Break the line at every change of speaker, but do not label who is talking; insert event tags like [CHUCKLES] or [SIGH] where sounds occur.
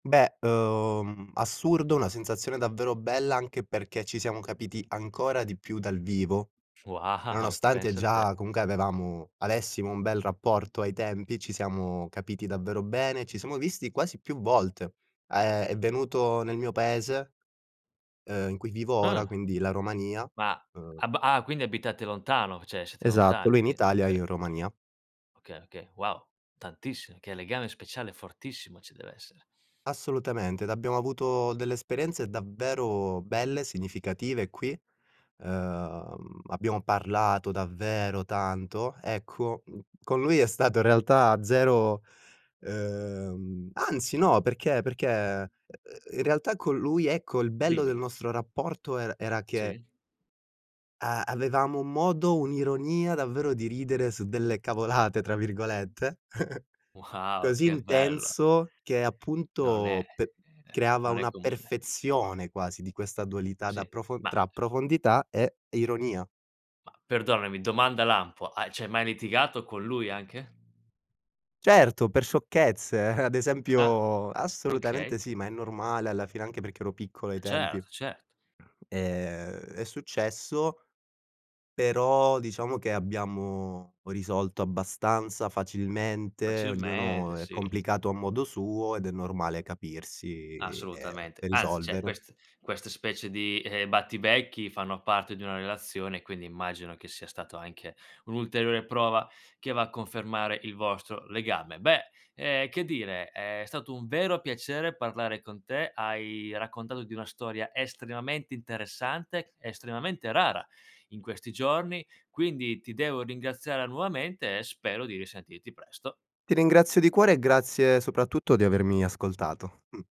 Beh, uhm, assurdo, una sensazione davvero bella anche perché ci siamo capiti ancora di più dal vivo,
Wow!
nonostante
Pensa te.
già comunque avevamo avessimo un bel rapporto ai tempi, ci siamo capiti davvero bene, ci siamo visti quasi più volte. A ehm, è venuto nel mio paese, uhm, in cui vivo ora,
Ah.
quindi la Romania,
Ma
uhm
ab ah, quindi abitate lontano, cioè siete
Esatto. lui
lontani
in
quin
Italia e
oka
io in Romania.
Okay, okay. Wow. Tantissim che legame speciale fortissimo ci deve essere.
Assolutamente, ed abbiamo avuto delle esperienze davvero belle, significative qui, uhm, abbiamo parlato davvero tanto. Ecco, mhmm, con lui è stato in realtà zero uhm, anzi no, perché perché, uhm, uhm, in realtà con lui, ecco, il bello del
Dimmi.
nostro rapporto er era che
Sì?
uhm, avevamo un modo, un'ironia davvero di ridere su delle "cavolate" tra virgolette, [CHUCKLES]
Wow!
così
Che bello.
intenso che,
Non è
appunto, pe
eh, e beh,
creava
non è
una
comune.
perfezione quasi di questa dualità da
Sì,
prof
ma
tra profondità e ironia.
ma perdonami, domanda lampo, hai c'hai mai litigato con lui anche?
Certo! Per sciocchezze. [CHUCKLES] Ad
Ah,
esempio
okay.
assolutamente sì, ma è normale alla fine anche perché ero piccolo ai tempi.
Certo, cert
Ehm, è successo, però diciamo che abbiamo risolto abbastanza facilmente, ognuno
Facilmente.
è
Sì.
complicato a modo suo, ed è normale capirsi e
Assolutamente.
e
Anzi cioè,
risolvere.
quest questa specie di, uhm, battibecchi fanno parte di una relazione, quindi immagino che sia stato anche un'ulteriore prova che va a confermare il vostro legame. Beh, ehm, che dire, è stato un vero piacere parlare con te. Hai raccontato di una storia estremamente interessante, estremamente rara in questi giorni, quindi ti devo ringraziare nuovamente, e spero di risentirti presto.
Ti ringrazio di cuore, e grazie soprattutto di avermi ascoltato. Mh.